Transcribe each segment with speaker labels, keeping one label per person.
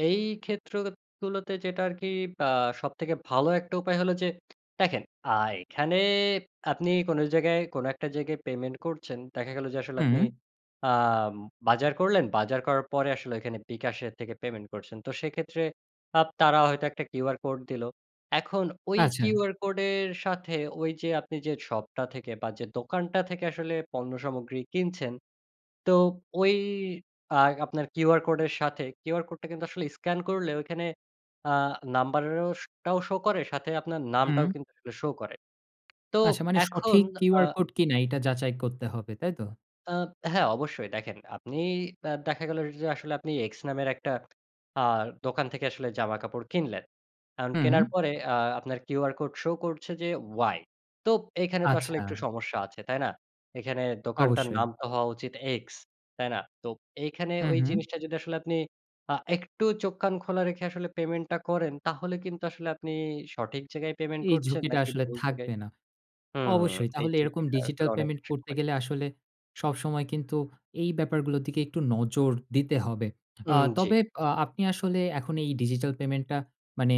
Speaker 1: এই ক্ষেত্রগুলোতে যেটা আরকি আ সবথেকে ভালো একটা উপায় হলো যে দেখেন আ এখানে আপনি কোন জায়গায় কোন একটা জায়গায় পেমেন্ট করছেন। দেখা গেল যে আসলে আপনি
Speaker 2: উম
Speaker 1: আম বাজার করলেন, বাজার করার পরে আসলে এখানে বিকাশের থেকে পেমেন্ট করছেন। তো সেক্ষেত্রে আপ তারা হয়তো একটা QR Code দিলো। এখন ওই
Speaker 2: আচ্ছা।
Speaker 1: QR Code এর সাথে ওই যে আপনি যে শপটা থেকে বা যে দোকানটা থেকে আসলে পণ্য সামগ্রী কিনছেন, তো ওই আ আপনার QR Code এর সাথে QR Code টা কিন্তু আসলে স্ক্যান করলে ঐখানে আ নাম্বারেরও স টাও show করে সাথে আপনার নামটাও
Speaker 2: উম
Speaker 1: কিন্তু আসলে show করে। তো
Speaker 2: আচ্ছা মানে
Speaker 1: এখন
Speaker 2: সঠিক
Speaker 1: আ
Speaker 2: QR Code কিনা এটা যাচাই করতে হবে, তাই তো?
Speaker 1: আ হ্যাঁ অবশ্যই দেখেন। আপনি আ দেখা গেল যে আসলে আপনি এক্স নামের একটা আ দোকান থেকে আসলে জামাকাপড় কিনলেন। এখন
Speaker 2: হুম।
Speaker 1: কেনার পরে আ আপনার QR Code show করছে যে ওয়াই। তোপ এখানে তো আসলে একটু
Speaker 2: আচ্ছা।
Speaker 1: সমস্যা আছে, তাই না? এখানে দোকানটার নাম
Speaker 2: অবশ্যই।
Speaker 1: তো হওয়া উচিত এক্স, তাই না? তো এইখানে
Speaker 2: হু,
Speaker 1: ওই
Speaker 2: হু।
Speaker 1: জিনিসটা যদি আসলে আপনি আ একটু চোখ-কান খোলা রেখে আসলে পেমেন্টটা করেন তাহলে কিন্তু আসলে আপনি সঠিক জায়গায় পেমেন্ট
Speaker 2: এই
Speaker 1: করছেন
Speaker 2: ঝুঁকিটা
Speaker 1: নাকি
Speaker 2: আসলে
Speaker 1: ভুল জায়গায়?
Speaker 2: থাকবে না।
Speaker 1: হুম
Speaker 2: অবশ্যই
Speaker 1: এই
Speaker 2: তাহলে এরকম
Speaker 1: চুক্তিটা
Speaker 2: ডিজিটাল
Speaker 1: আসলে অনেক
Speaker 2: পেমেন্ট
Speaker 1: বেশি।
Speaker 2: করতে
Speaker 1: [unintelligible]
Speaker 2: গেলে আসলে সবসময় কিন্তু এই ব্যাপার গুলোর দিকে একটু নজর দিতে হবে। আ
Speaker 1: উম জ্বী।
Speaker 2: তবে আপনি আসলে এখন এই ডিজিটাল পেমেন্টটা মানে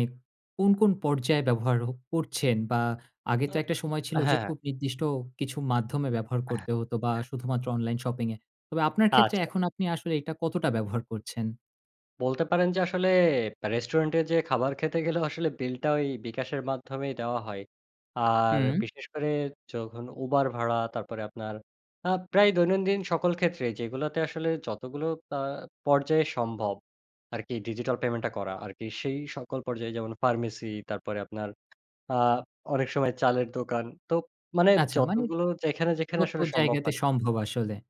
Speaker 2: কোন, কোন পর্যায়ে ব্যবহার ও করছেন বা আগে তো
Speaker 1: হ্যাঁ,
Speaker 2: একটা সময় ছিল যে
Speaker 1: হ্যাঁ।
Speaker 2: খুব নির্দিষ্ট কিছু মাধ্যমে ব্যবহার
Speaker 1: অ্যাহ
Speaker 2: করতে হতো বা
Speaker 1: অ্যা
Speaker 2: শুধুমাত্র অনলাইন শপিং এ। তবে আপনার ক্ষেত্রে
Speaker 1: আচ্ছা।
Speaker 2: এখন আপনি আসলে এটা কতটা ব্যবহার করছেন?
Speaker 1: বলতে পারেন যে আসলে ব্যা রেস্টুরেন্টে যে খাবার খেতে গেলেও আসলে বিলটা ওই bKash এর মাধ্যমেই দেওয়া হয়। আর
Speaker 2: হু।
Speaker 1: বিশেষ করে যখন Uber ভাড়া তারপরে আপনার আ প্রায় দৈনন্দিন সকল ক্ষেত্রে যেগুলোতে আসলে যতগুলো আ পর্যায় সম্ভব আরকি ডিজিটাল পেমেন্টটা করা আরকি। সেই সকল পর্যায়ে যেমন ফার্মেসি তারপরে আপনার আ অনেক সময় চালের দোকান তোপ মানে
Speaker 2: আচ্ছা মানে
Speaker 1: যতগুলো যেখানে, যেখানে
Speaker 2: যত
Speaker 1: আসলে সম্ভব
Speaker 2: জায়গাতে
Speaker 1: হয়।
Speaker 2: সম্ভব আসলে?